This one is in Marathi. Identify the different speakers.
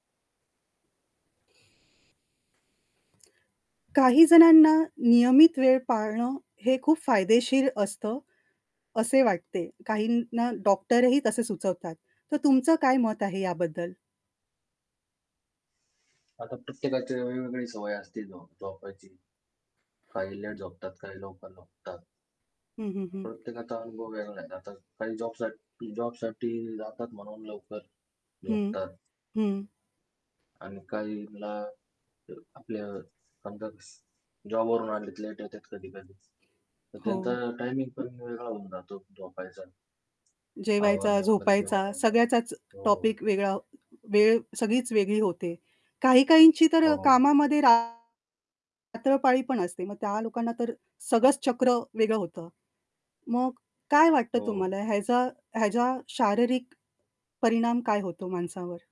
Speaker 1: काही जणांना नियमित वेळ पाळणं, हे खूप फायदेशीर असतं असे वाटते. काहींना डॉक्टरही तसे सुचवतात. तर तुमचं काय मत आहे याबद्दल?
Speaker 2: आता प्रत्येकाची वेगवेगळी सवय असते झो झोपायची. काही लेट झोपतात, काही लवकर झोपतात.
Speaker 1: हं, हं, हं.
Speaker 2: प्रत्येकाचा अनुभव वेगळा आहे. आता काही जॉबसाठी जॉबसाठी जातात म्हणून लवकर
Speaker 1: हं.
Speaker 2: झोपतात.
Speaker 1: हं.
Speaker 2: आणि काहींना आपल्या समजा जॉबवरून आणले लेट येतात कधी-कधी तर
Speaker 1: हो.
Speaker 2: त्यांचा टायमिंग पण वेगळा होऊन जातो झोपायचा.
Speaker 1: जेवायचा,
Speaker 2: आवरणे वगैरे जेवण
Speaker 1: झोपायचा
Speaker 2: वगैरे.
Speaker 1: सगळ्याचाच
Speaker 2: हो.
Speaker 1: टॉपिक वेगळा वेळ सगळीच वेगळी होते. काही-काहींची तर
Speaker 2: हो.
Speaker 1: कामामध्ये रात्रपाळी पण असते. मग त्या लोकांना तर सगळंच चक्र वेगळं होतं. मग काय वाटतं
Speaker 2: हो.
Speaker 1: तुम्हाला ह्याचा ह्याचा शारीरिक परिणाम काय होतो माणसावर?